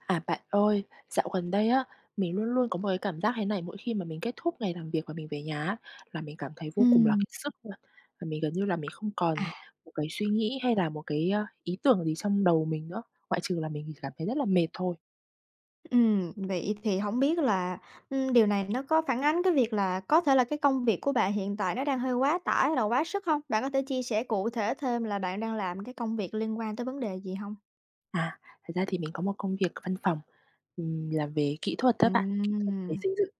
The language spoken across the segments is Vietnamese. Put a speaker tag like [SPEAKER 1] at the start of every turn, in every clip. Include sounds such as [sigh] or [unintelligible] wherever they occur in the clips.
[SPEAKER 1] À, bạn ơi, dạo gần đây á mình luôn luôn có một cái cảm giác thế này. Mỗi khi mà mình kết thúc ngày làm việc và mình về nhà á, là mình cảm thấy vô cùng là k
[SPEAKER 2] Ừm.
[SPEAKER 1] sức luôn, và mình gần như là mình không
[SPEAKER 2] À.
[SPEAKER 1] còn một cái suy nghĩ hay là một cái, a, ý tưởng gì trong đầu mình nữa, ngoại trừ là mình cảm thấy rất là mệt thôi.
[SPEAKER 2] Ừm, vậy thì hổng biết là, ừm, điều này nó có phản ánh cái việc là có thể là cái công việc của bạn hiện tại nó đang hơi quá tải hay là quá sức hông? Bạn có thể chia sẻ cụ thể thêm là bạn đang làm cái công việc liên quan tới vấn đề gì hông?
[SPEAKER 1] À, thật ra thì mình có một công việc văn phòng, ừm, làm về kỹ thuật đó bạn, kỹ thuật về
[SPEAKER 2] Ừm.
[SPEAKER 1] xây dựng.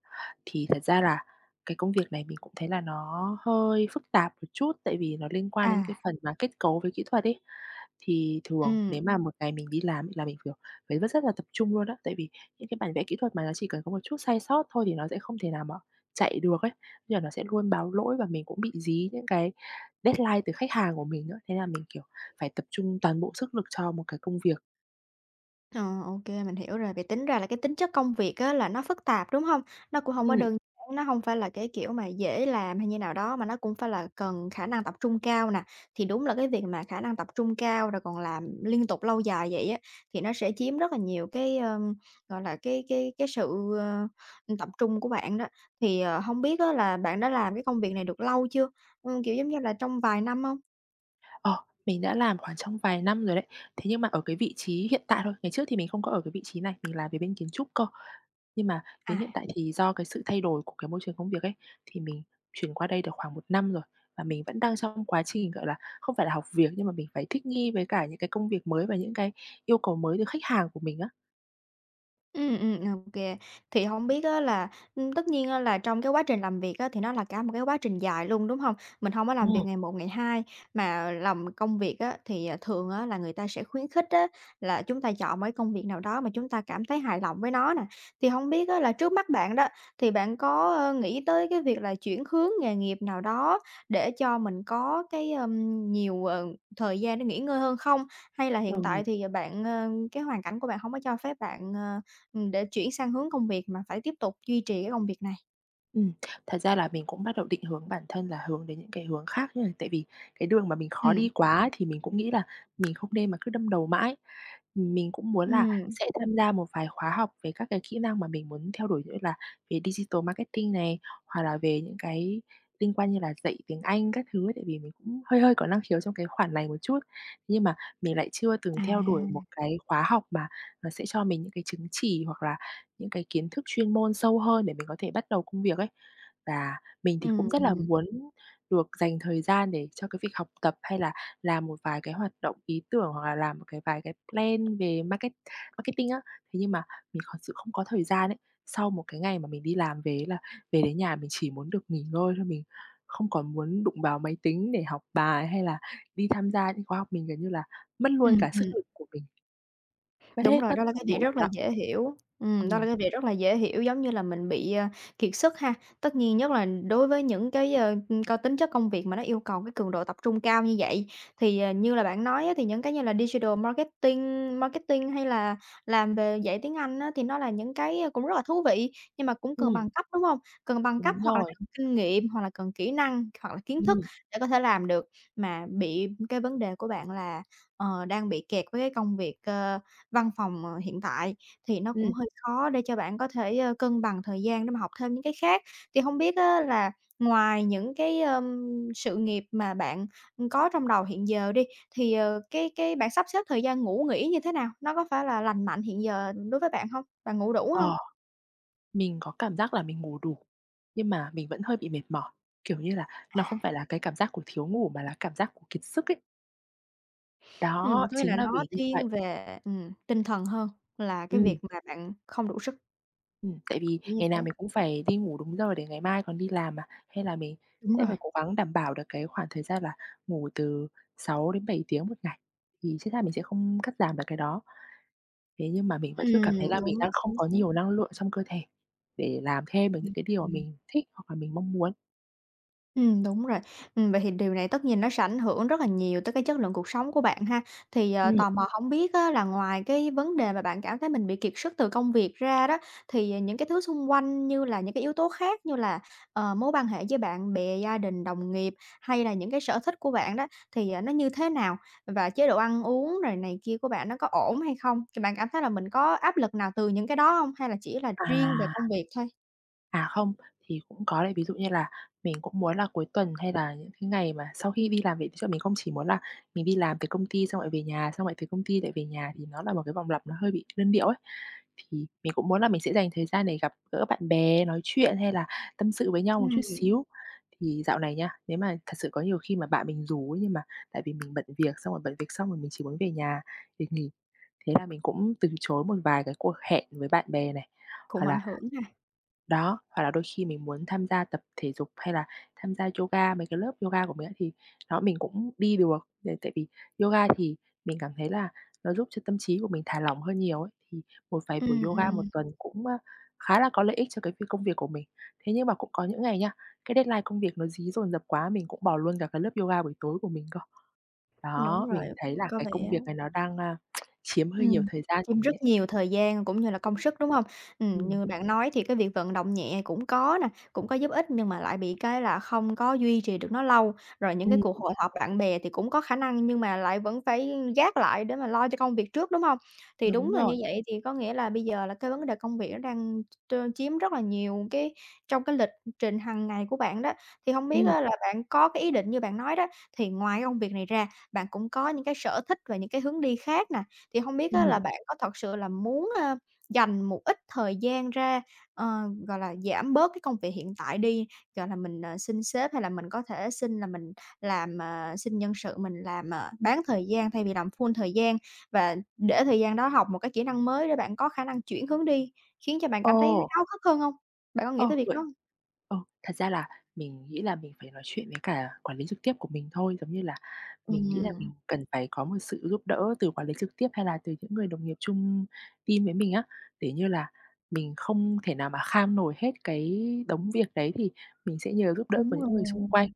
[SPEAKER 1] Thì thật ra là cái công việc này mình cũng thấy là nó hơi phức tạp một chút, tại vì nó liên quan đến cái
[SPEAKER 2] À.
[SPEAKER 1] phần mà kết cấu với kỹ thuật ấy. Thì thường
[SPEAKER 2] Ừm.
[SPEAKER 1] nếu mà một ngày mình đi làm là mình, kiểu, phải rất rất là tập trung luôn á, tại vì những cái bản vẽ kỹ thuật mà nó chỉ cần có một chút sai sót thôi thì nó sẽ không thể nào mà chạy được ấy. Nên là nó sẽ luôn báo lỗi và mình cũng bị dí những cái deadline từ khách hàng của mình nữa, thế là mình, kiểu, phải tập trung toàn bộ sức lực cho một cái công việc.
[SPEAKER 2] Ờ, ô kê, mình hiểu rồi. Vì tính ra là cái tính chất công việc á là nó phức tạp, đúng hông? Nó cũng hông có
[SPEAKER 1] Ừm.
[SPEAKER 2] đơn giản, nó hông phải là cái kiểu mà dễ làm hay như nào đó, mà nó cũng phải là cần khả năng tập trung cao nè. Thì đúng là cái việc mà khả năng tập trung cao rồi còn làm liên tục lâu dài vậy á, thì nó sẽ chiếm rất là nhiều cái, ờm, gọi là, cái cái cái sự, ờ, tập trung của bạn đó. Thì, ờ, hông biết á là bạn đã làm cái công việc này được lâu chưa? Ừm, kiểu giống như là trong vài năm hông?
[SPEAKER 1] Ờ, mình đã làm khoảng trong vài năm rồi đấy, thế nhưng mà ở cái vị trí hiện tại thôi, ngày trước thì mình không có ở cái vị trí này, mình làm về bên kiến trúc cơ. Nhưng mà đến hiện
[SPEAKER 2] À.
[SPEAKER 1] tại thì do cái sự thay đổi của cái môi trường công việc ấy, thì mình chuyển qua đây được khoảng 1 năm rồi, và mình vẫn đang trong quá trình, gọi là, không phải là học việc, nhưng mà mình phải thích nghi với cả những cái công việc mới và những cái yêu cầu mới từ khách hàng của mình á.
[SPEAKER 2] Ừm, ừm, ok. Thì hông biết á là, ưm, tất nhiên á là trong cái quá trình làm việc á, thì nó là cả một cái quá trình dài luôn, đúng hông? Mình hông có làm
[SPEAKER 1] Ừm.
[SPEAKER 2] việc ngày một ngày hai, mà làm công việc á thì, à, thường á là người ta sẽ khuyến khích á là chúng ta chọn một cái công việc nào đó mà chúng ta cảm thấy hài lòng với nó nè. Thì hông biết á là trước mắt bạn đó, thì bạn có, a, nghĩ tới cái việc là chuyển hướng nghề nghiệp nào đó để cho mình có cái, ờm, nhiều, ờ, thời gian để nghỉ ngơi hơn không? Hay là hiện
[SPEAKER 1] Ừ.
[SPEAKER 2] tại thì bạn, ờ, cái hoàn cảnh của bạn hông có cho phép bạn, ờ, ừm, để chuyển sang hướng công việc mà phải tiếp tục duy trì cái công việc này?
[SPEAKER 1] Ừm, thật ra là mình cũng bắt đầu định hướng bản thân là hướng đến những cái hướng khác nha, tại vì cái đường mà mình khó đi
[SPEAKER 2] Ừm.
[SPEAKER 1] quá thì mình cũng nghĩ là mình không nên mà cứ đâm đầu mãi. Mình cũng muốn là
[SPEAKER 2] Ừm.
[SPEAKER 1] sẽ tham gia một vài khóa học về các cái kỹ năng mà mình muốn theo đuổi, như là về digital marketing này, hoặc là về những cái liên quan như là dạy tiếng Anh các thứ ấy. Tại vì mình cũng hơi hơi có năng khiếu trong cái khoản này một chút, nhưng mà mình lại chưa từng
[SPEAKER 2] À!
[SPEAKER 1] theo đuổi một cái khóa học mà nó sẽ cho mình những cái chứng chỉ hoặc là những cái kiến thức chuyên môn sâu hơn để mình có thể bắt đầu công việc ấy. Và mình thì cũng
[SPEAKER 2] Ừm,
[SPEAKER 1] rất là
[SPEAKER 2] ừm.
[SPEAKER 1] muốn được dành thời gian để cho cái việc học tập, hay là làm một vài cái hoạt động, ý tưởng, hoặc là làm một cái vài cái plan về market marketing á. Thế nhưng mà mình thật sự không có thời gian ấy, sau một cái ngày mà mình đi làm về ấy, là về đến nhà mình chỉ muốn được nghỉ ngơi thôi, mình không còn muốn đụng vào máy tính để học bài hay là đi tham gia những khóa học. Mình, kiểu như là, mất luôn
[SPEAKER 2] Ừm,
[SPEAKER 1] cả sức
[SPEAKER 2] ừm.
[SPEAKER 1] lực của mình. Mất
[SPEAKER 2] Đúng
[SPEAKER 1] hết
[SPEAKER 2] rồi,
[SPEAKER 1] mất
[SPEAKER 2] đó là
[SPEAKER 1] toàn
[SPEAKER 2] cái [unintelligible]
[SPEAKER 1] bộ rồi
[SPEAKER 2] rất là
[SPEAKER 1] đó.
[SPEAKER 2] dễ hiểu. Ừm, đó
[SPEAKER 1] Ừm.
[SPEAKER 2] là cái việc rất là dễ hiểu, giống như là, mình bị, ờ, kiệt sức ha? Tất nhiên, nhất là đối với những cái, ờ, có tính chất công việc mà nó yêu cầu cái cường độ tập trung cao như vậy, thì, ờ, như là bạn nói á, thì những cái như là digital marketing, marketing, hay là làm về dạy tiếng Anh á thì nó là những cái, ờ, cũng rất là thú vị, nhưng mà cũng cần
[SPEAKER 1] Ừm.
[SPEAKER 2] bằng cấp, đúng hông? Cần bằng cấp
[SPEAKER 1] Đúng
[SPEAKER 2] hoặc là
[SPEAKER 1] rồi.
[SPEAKER 2] cần kinh nghiệm, hoặc là cần kỹ năng, hoặc là kiến thức
[SPEAKER 1] Ừm.
[SPEAKER 2] để có thể làm được. Mà bị cái vấn đề của bạn là, ờ, đang bị kẹt với cái công việc, ờ, văn phòng, ờ, hiện tại, thì nó cũng
[SPEAKER 1] Ừm.
[SPEAKER 2] hơi khó để cho bạn có thể cân bằng thời gian để mà học thêm những cái khác. Thì hông biết á là ngoài những cái, ờm, sự nghiệp mà bạn, ưm, có trong đầu hiện giờ đi, thì, ờ, cái cái bạn sắp xếp thời gian ngủ nghỉ như thế nào? Nó có phải là lành mạnh hiện giờ đối với bạn hông? Bạn ngủ đủ hông?
[SPEAKER 1] Ờ, mình có cảm giác là mình ngủ đủ, nhưng mà mình vẫn hơi bị mệt mỏi, kiểu như là, nó không phải
[SPEAKER 2] À.
[SPEAKER 1] là cái cảm giác của thiếu ngủ, mà là cảm giác của kiệt sức ấy.
[SPEAKER 2] Ừm,
[SPEAKER 1] Đó,
[SPEAKER 2] có nghĩa
[SPEAKER 1] chính
[SPEAKER 2] là
[SPEAKER 1] là
[SPEAKER 2] nó
[SPEAKER 1] vì như vậy.
[SPEAKER 2] thiên về, ừm, tinh thần hơn là cái
[SPEAKER 1] Ừm.
[SPEAKER 2] việc mà bạn không đủ sức.
[SPEAKER 1] Ừm, tại vì
[SPEAKER 2] Kiểu như
[SPEAKER 1] ngày nào
[SPEAKER 2] thế.
[SPEAKER 1] mình cũng phải đi ngủ đúng giờ để ngày mai còn đi làm mà, hay là mình
[SPEAKER 2] Đúng
[SPEAKER 1] sẽ
[SPEAKER 2] rồi.
[SPEAKER 1] phải cố gắng đảm bảo được cái khoảng thời gian là ngủ từ 6 đến 7 tiếng 1 ngày. Thì chính ra mình sẽ không cắt giảm được cái đó, thế nhưng mà mình vẫn cứ cảm thấy
[SPEAKER 2] Ừm,
[SPEAKER 1] là mình
[SPEAKER 2] đúng,
[SPEAKER 1] đang không
[SPEAKER 2] chính
[SPEAKER 1] có
[SPEAKER 2] xác.
[SPEAKER 1] nhiều năng lượng trong cơ thể để làm thêm được những
[SPEAKER 2] Ừm.
[SPEAKER 1] cái điều mà
[SPEAKER 2] Ừm.
[SPEAKER 1] mình thích hoặc là mình mong muốn.
[SPEAKER 2] Ừm, đúng rồi. Ừm, vậy thì điều này tất nhiên nó sẽ ảnh hưởng rất là nhiều tới cái chất lượng cuộc sống của bạn ha. Thì, ờ,
[SPEAKER 1] Ừm.
[SPEAKER 2] tò mò hông biết á là ngoài cái vấn đề mà bạn cảm thấy mình bị kiệt sức từ công việc ra đó, thì những cái thứ xung quanh như là những cái yếu tố khác như là, ờ, mối quan hệ với bạn bè, gia đình, đồng nghiệp hay là những cái sở thích của bạn đó thì, à, nó như thế nào? Và chế độ ăn uống rồi này kia của bạn nó có ổn hay không? Thì bạn cảm thấy là mình có áp lực nào từ những cái đó hông hay là chỉ là riêng về
[SPEAKER 1] À.
[SPEAKER 2] công việc thôi?
[SPEAKER 1] À, không, thì cũng có là ví dụ như là mình cũng muốn là cuối tuần hay là những cái ngày mà sau khi đi làm về chứ mình không chỉ muốn là mình đi làm việc công ty xong lại về nhà, xong lại từ công ty lại về nhà thì nó là một cái vòng lặp nó hơi bị đơn điệu ấy. Thì mình cũng muốn là mình sẽ dành thời gian để gặp gỡ bạn bè, nói chuyện hay là tâm sự với nhau một chút
[SPEAKER 2] Ừm.
[SPEAKER 1] xíu. Thì dạo này nhá, nếu mà thật sự có nhiều khi mà bạn mình rủ ấy, nhưng mà tại vì mình bận việc xong rồi bận việc xong rồi mình chỉ muốn về nhà để nghỉ, thế là mình cũng từ chối một vài cái cuộc hẹn với bạn bè này. Hoặc
[SPEAKER 2] Cũng ảnh
[SPEAKER 1] là
[SPEAKER 2] hưởng ha.
[SPEAKER 1] đó, hoặc là đôi khi mình muốn tham gia tập thể dục, hay là tham gia yoga, mấy cái lớp yoga của mình á, thì đó, mình cũng đi được là tại vì yoga thì mình cảm thấy là nó giúp cho tâm trí của mình thả lỏng hơn nhiều ấy, thì một vài buổi
[SPEAKER 2] Ừm,
[SPEAKER 1] yoga
[SPEAKER 2] ừm.
[SPEAKER 1] một tuần cũng, a, khá là có lợi ích cho cái việc công việc của mình. Thế nhưng mà cũng có những ngày nha, cái deadline công việc nó dí dồn dập quá, mình cũng bỏ luôn cả cái lớp yoga buổi tối của mình cơ.
[SPEAKER 2] Đúng
[SPEAKER 1] Đó,
[SPEAKER 2] rồi,
[SPEAKER 1] mình thấy là
[SPEAKER 2] có
[SPEAKER 1] cái
[SPEAKER 2] vẻ
[SPEAKER 1] công việc này nó đang, a, [tsk] chiếm hơi nhiều
[SPEAKER 2] Ừm,
[SPEAKER 1] thời gian của
[SPEAKER 2] thêm
[SPEAKER 1] mình
[SPEAKER 2] rất
[SPEAKER 1] ấy.
[SPEAKER 2] nhiều thời gian cũng như là công sức, đúng hông? Ừm,
[SPEAKER 1] Ừm.
[SPEAKER 2] như bạn nói thì cái việc vận động nhẹ cũng có nè, cũng có giúp ích nhưng mà lại bị cái là không có duy trì được nó lâu. Rồi những cái
[SPEAKER 1] Ừm.
[SPEAKER 2] cuộc hội họp bạn bè thì cũng có khả năng nhưng mà lại vẫn phải gác lại để mà lo cho công việc trước, đúng hông? Thì
[SPEAKER 1] Đúng
[SPEAKER 2] đúng là
[SPEAKER 1] rồi.
[SPEAKER 2] như vậy thì có nghĩa là bây giờ là cái vấn đề công việc nó đang t chiếm rất là nhiều cái trong cái lịch trình hằng ngày của bạn đó. Thì hông biết
[SPEAKER 1] Ừm.
[SPEAKER 2] á là bạn có cái ý định như bạn nói đó, thì ngoài cái công việc này ra, bạn cũng có những cái sở thích và những cái hướng đi khác nè. Thì hông biết á là
[SPEAKER 1] Ừm.
[SPEAKER 2] bạn có thật sự là muốn, a, dành một ít thời gian ra, ờ, gọi là, giảm bớt cái công việc hiện tại đi, gọi là, mình, ờ, xin sếp hay là mình có thể xin là mình làm, ờ xin nhân sự, mình làm, à, bán thời gian thay vì làm full thời gian và để thời gian đó học một cái kỹ năng mới để bạn có khả năng chuyển hướng đi khiến cho bạn cảm thấy
[SPEAKER 1] Ồ.
[SPEAKER 2] háo hức hơn hông? Bạn có nghĩ
[SPEAKER 1] Ờ,
[SPEAKER 2] tới việc
[SPEAKER 1] vậy
[SPEAKER 2] đó hông?
[SPEAKER 1] ờ, thật ra là mình nghĩ là mình phải nói chuyện với cả quản lý trực tiếp của mình thôi, giống như là mình nghĩ là mình
[SPEAKER 2] Ừm.
[SPEAKER 1] cần phải có một sự giúp đỡ từ quản lý trực tiếp hay là từ những người đồng nghiệp chung team với mình á, để như là mình không thể nào mà kham nổi hết cái đống việc đấy thì mình sẽ nhờ giúp đỡ của
[SPEAKER 2] Đúng
[SPEAKER 1] những người
[SPEAKER 2] rồi.
[SPEAKER 1] xung quanh.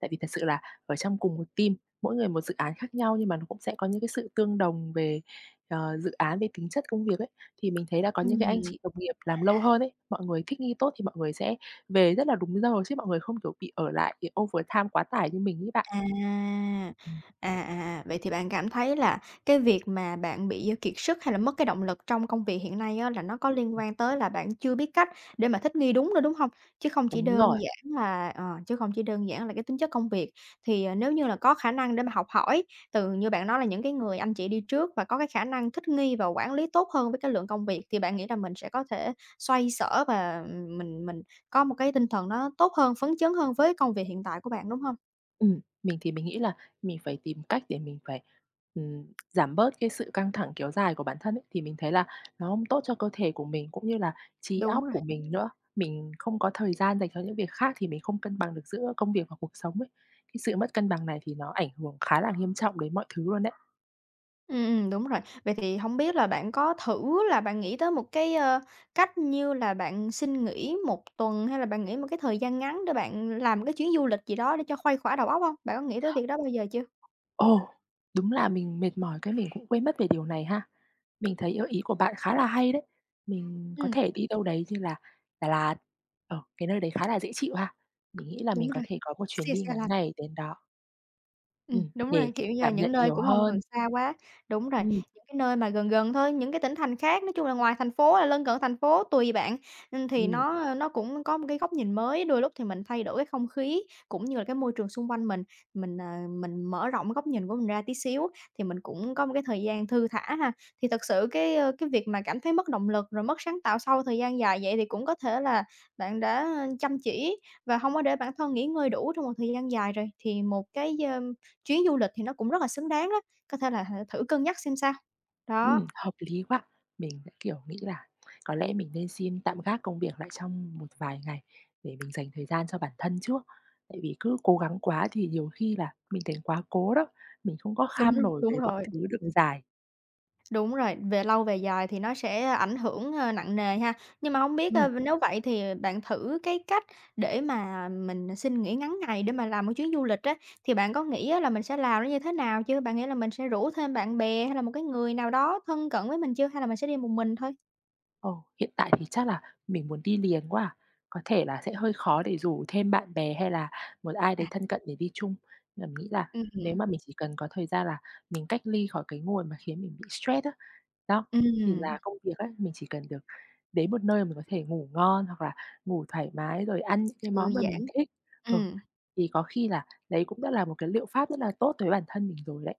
[SPEAKER 1] Tại vì thật sự là ở trong cùng một team, mỗi người một dự án khác nhau nhưng mà nó cũng sẽ có những cái sự tương đồng về, ờ, dự án, về tính chất công việc ấy. Thì mình thấy là có những cái anh
[SPEAKER 2] Ừm.
[SPEAKER 1] chị đồng nghiệp làm lâu hơn ấy, mọi người thích nghi tốt thì mọi người sẽ về rất là đúng giờ chứ mọi người không, kiểu, bị ở lại, bị overtime quá tải như mình ấy bạn.
[SPEAKER 2] À!
[SPEAKER 1] Ừm.
[SPEAKER 2] À, à, à, vậy thì bạn cảm thấy là cái việc mà bạn bị kiệt sức hay là mất cái động lực trong công việc hiện nay á, là nó có liên
[SPEAKER 1] Ừm.
[SPEAKER 2] quan tới là bạn chưa biết cách để mà thích nghi đúng nữa, đúng hông? Chứ không chỉ
[SPEAKER 1] Đúng
[SPEAKER 2] đơn
[SPEAKER 1] rồi.
[SPEAKER 2] giản là ờ, chứ không chỉ đơn giản là cái tính chất công việc. Thì, ờ, nếu như là có khả năng để mà học hỏi từ, như bạn nói là, những cái người anh chị đi trước và có cái khả năng thích nghi và quản lý tốt hơn với cái lượng công việc, thì bạn nghĩ là mình sẽ có thể xoay xở và mình mình có một cái tinh thần nó tốt hơn, phấn chấn hơn với công việc hiện tại của bạn, đúng hông?
[SPEAKER 1] Ừm. Mình thì mình nghĩ là mình phải tìm cách để mình phải, ừm, giảm bớt cái sự căng thẳng kéo dài của bản thân ấy, thì mình thấy là nó không tốt cho cơ thể của mình cũng như là trí
[SPEAKER 2] Đúng
[SPEAKER 1] óc
[SPEAKER 2] rồi.
[SPEAKER 1] của mình nữa. Mình không có thời gian dành cho những việc khác, thì mình không cân bằng được giữa công việc và cuộc sống ấy. Cái sự mất cân bằng này thì nó ảnh hưởng khá là nghiêm trọng đến mọi thứ luôn đấy.
[SPEAKER 2] Ừm, ừm, đúng rồi. Vậy thì hông biết là bạn có thử là bạn nghĩ tới một cái, ơ, cách như là bạn xin nghỉ 1 tuần hay là bạn nghỉ một cái thời gian ngắn để bạn làm một cái chuyến du lịch gì đó để cho khuây khỏa đầu óc hông? Bạn có nghĩ tới việc đó bao giờ chưa?
[SPEAKER 1] Ồ! Đúng là mình mệt mỏi cái mình cũng quên mất về điều này ha. Mình thấy, ơ, ý của bạn khá là hay đấy. Mình có
[SPEAKER 2] Ừm.
[SPEAKER 1] thể đi đâu đấy như là Đà Lạt, ờ, cái nơi đấy khá là dễ chịu ha. Mình nghĩ là mình
[SPEAKER 2] Đúng
[SPEAKER 1] có
[SPEAKER 2] rồi!
[SPEAKER 1] thể có một chuyến
[SPEAKER 2] Se
[SPEAKER 1] đi
[SPEAKER 2] se
[SPEAKER 1] ngắn
[SPEAKER 2] lạnh.
[SPEAKER 1] ngày đến đó.
[SPEAKER 2] Ừm,
[SPEAKER 1] Ừm.
[SPEAKER 2] đúng
[SPEAKER 1] Để
[SPEAKER 2] rồi, kiểu như là
[SPEAKER 1] cảm
[SPEAKER 2] những
[SPEAKER 1] nhận
[SPEAKER 2] nơi
[SPEAKER 1] nhiều
[SPEAKER 2] cũng hông cần
[SPEAKER 1] hơn.
[SPEAKER 2] xa quá. Đúng rồi,
[SPEAKER 1] Ừm.
[SPEAKER 2] những cái nơi mà gần gần thôi, những cái tỉnh thành khác, nói chung là ngoài thành phố, hay lân cận thành phố tùy bạn. Ừm thì
[SPEAKER 1] Ừm.
[SPEAKER 2] nó, ơ, nó cũng có một cái góc nhìn mới, đôi lúc thì mình thay đổi cái không khí, cũng như là cái môi trường xung quanh mình, mình, ờ, mình mở rộng cái góc nhìn của mình ra tí xíu, thì mình cũng có một cái thời gian thư thả ha. Thì thật sự cái, ơ, cái việc mà cảm thấy mất động lực, rồi mất sáng tạo sau thời gian dài vậy, thì cũng có thể là bạn đã, ơ, chăm chỉ và hông có để bản thân nghỉ ngơi đủ trong một thời gian dài rồi. Thì một cái, ơm, chuyến du lịch thì nó cũng rất là xứng đáng đó, có thể là hả thử cân nhắc xem sao. Đó.
[SPEAKER 1] Ừm, hợp lý quá! Mình sẽ, kiểu, nghĩ là có lẽ mình nên xin tạm gác công việc lại trong một vài ngày để mình dành thời gian cho bản thân trước, tại vì cứ cố gắng quá thì nhiều khi là mình thành quá cố đó, mình không có
[SPEAKER 2] Đúng
[SPEAKER 1] kham
[SPEAKER 2] hông?
[SPEAKER 1] nổi
[SPEAKER 2] Đúng
[SPEAKER 1] về mọi
[SPEAKER 2] rồi.
[SPEAKER 1] thứ được dài.
[SPEAKER 2] Đúng rồi, về lâu về dài thì nó sẽ ảnh hưởng, a, nặng nề ha? Nhưng mà hông biết,
[SPEAKER 1] Ừm.
[SPEAKER 2] ờ, nếu vậy thì, ờ, bạn thử cái cách để mà mình xin nghỉ ngắn ngày để mà làm một chuyến du lịch á, thì bạn có nghĩ á là mình sẽ làm nó như thế nào chưa? Bạn nghĩ là mình sẽ rủ thêm bạn bè hay là một cái người nào đó thân cận với mình chưa? Hay là mình sẽ đi một mình thôi?
[SPEAKER 1] Ờ, hiện tại thì chắc là mình muốn đi liền quá à, có thể là sẽ hơi khó để rủ thêm bạn bè hay là một ai đấy
[SPEAKER 2] À.
[SPEAKER 1] thân cận để đi chung. Mình nghĩ là
[SPEAKER 2] Ừm
[SPEAKER 1] nếu
[SPEAKER 2] hứm.
[SPEAKER 1] mà mình chỉ cần có thời gian là mình cách ly khỏi cái ngồi mà khiến mình bị stress á, đó, thì là
[SPEAKER 2] Ừm.
[SPEAKER 1] công việc á, mình chỉ cần được đến một nơi mà mình có thể ngủ ngon hoặc là ngủ thoải mái, rồi ăn những cái
[SPEAKER 2] Thư
[SPEAKER 1] món mà mình
[SPEAKER 2] giãn.
[SPEAKER 1] thích. Ờ,
[SPEAKER 2] Ừm.
[SPEAKER 1] thì có khi là đấy cũng đã là một cái liệu pháp rất là tốt đối với bản thân mình rồi đấy.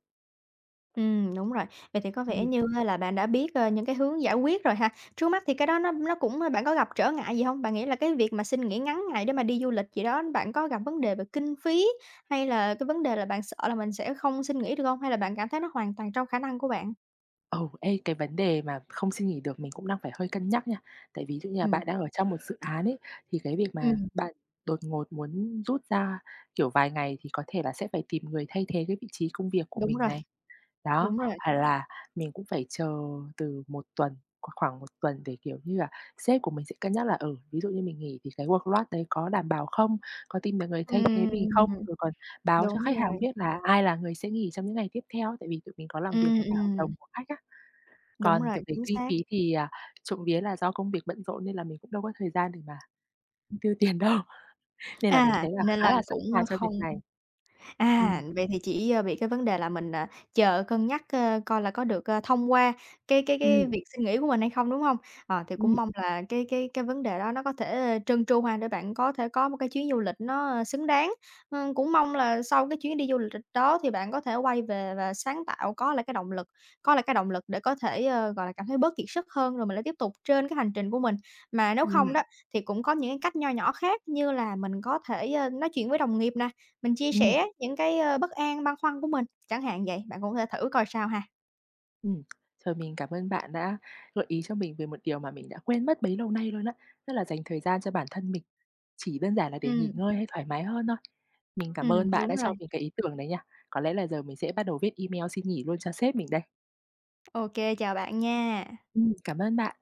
[SPEAKER 2] Ừm, đúng rồi, vậy thì có vẻ
[SPEAKER 1] Ừm.
[SPEAKER 2] như á, là bạn đã biết, a, những cái hướng giải quyết rồi ha. Trước mắt thì cái đó nó nó cũng bạn có gặp trở ngại gì hông? Bạn nghĩ là cái việc mà xin nghỉ ngắn ngày để mà đi du lịch gì đó, bạn có gặp vấn đề về kinh phí, hay là cái vấn đề là bạn sợ là mình sẽ không xin nghỉ được hông? Hay là bạn cảm thấy nó hoàn toàn trong khả năng của bạn?
[SPEAKER 1] Ồ, ê, cái vấn đề mà không xin nghỉ được mình cũng đang phải hơi cân nhắc nha. Tại ví dụ như là
[SPEAKER 2] Ừm.
[SPEAKER 1] bạn đang ở trong một dự án ấy thì cái việc mà
[SPEAKER 2] Ừm.
[SPEAKER 1] bạn đột ngột muốn rút ra, kiểu, vài ngày thì có thể là sẽ phải tìm người thay thế cái vị trí công việc của
[SPEAKER 2] Đúng
[SPEAKER 1] mình
[SPEAKER 2] rồi.
[SPEAKER 1] này. Đó,
[SPEAKER 2] Đúng rồi.
[SPEAKER 1] phải là mình cũng phải chờ từ 1 tuần, hoặc khoảng 1 tuần để, kiểu như là, sếp của mình sẽ cân nhắc là, ừ, ví dụ như mình nghỉ thì cái workload đấy có đảm bảo không, có tìm được người thay thế mình không,
[SPEAKER 2] Ừm.
[SPEAKER 1] rồi còn báo cho
[SPEAKER 2] Đúng
[SPEAKER 1] khách hàng
[SPEAKER 2] rồi.
[SPEAKER 1] biết là ai là người sẽ nghỉ trong những ngày tiếp theo, tại vì tụi mình có làm việc
[SPEAKER 2] Ừm,
[SPEAKER 1] với cả hợp
[SPEAKER 2] ừm.
[SPEAKER 1] đồng của khách á.
[SPEAKER 2] Đúng
[SPEAKER 1] Còn t
[SPEAKER 2] rồi,
[SPEAKER 1] về
[SPEAKER 2] chính
[SPEAKER 1] kinh
[SPEAKER 2] xác.
[SPEAKER 1] phí thì, à, trộm vía là do công việc bận rộn nên là mình cũng đâu có thời gian để mà tiêu tiền đâu, nên là mình
[SPEAKER 2] À,
[SPEAKER 1] thấy là
[SPEAKER 2] nên
[SPEAKER 1] khá
[SPEAKER 2] là
[SPEAKER 1] là sẵn
[SPEAKER 2] cũng, a,
[SPEAKER 1] sàng cho việc
[SPEAKER 2] không
[SPEAKER 1] này. Ừm.
[SPEAKER 2] à, vậy thì chỉ, ơ, bị cái vấn đề là mình, à, chờ cân nhắc, ơ, coi là có được, ờ, thông qua cái cái cái
[SPEAKER 1] Ừm.
[SPEAKER 2] việc xin nghỉ của mình hay không, đúng hông? À, thì
[SPEAKER 1] Ừm.
[SPEAKER 2] cũng mong là cái cái cái vấn đề đó nó có thể trơn tru ha, để bạn có thể có một cái chuyến du lịch nó xứng đáng. Ừm, cũng mong là sau cái chuyến đi du lịch đó thì bạn có thể quay về và sáng tạo, có lại cái động lực có lại cái động lực để có thể, ơ, gọi là, cảm thấy bớt kiệt sức hơn, rồi mình lại tiếp tục trên cái hành trình của mình. Mà nếu không
[SPEAKER 1] Ừm.
[SPEAKER 2] đó, thì cũng có những cái cách nho nhỏ khác như là mình có thể, ơ, nói chuyện với đồng nghiệp nè, mình chia
[SPEAKER 1] Ừm.
[SPEAKER 2] sẻ những cái, ơ, bất an, băn khoăn của mình, chẳng hạn vậy, bạn cũng có thể thử coi sao ha.
[SPEAKER 1] Ừm. Rồi mình cảm ơn bạn đã gợi ý cho mình về một điều mà mình đã quên mất bấy lâu nay luôn á, tức là dành thời gian cho bản thân mình, chỉ đơn giản là để nghỉ
[SPEAKER 2] Ừm.
[SPEAKER 1] ngơi hay thoải mái hơn thôi. Mình cảm
[SPEAKER 2] Ừm,
[SPEAKER 1] ơn bạn
[SPEAKER 2] đúng
[SPEAKER 1] đã
[SPEAKER 2] rồi.
[SPEAKER 1] cho mình cái ý tưởng đấy nha, có lẽ là giờ mình sẽ bắt đầu viết email xin nghỉ luôn cho sếp mình đây.
[SPEAKER 2] Ô kê, chào bạn nha.
[SPEAKER 1] Ừm, cảm ơn bạn.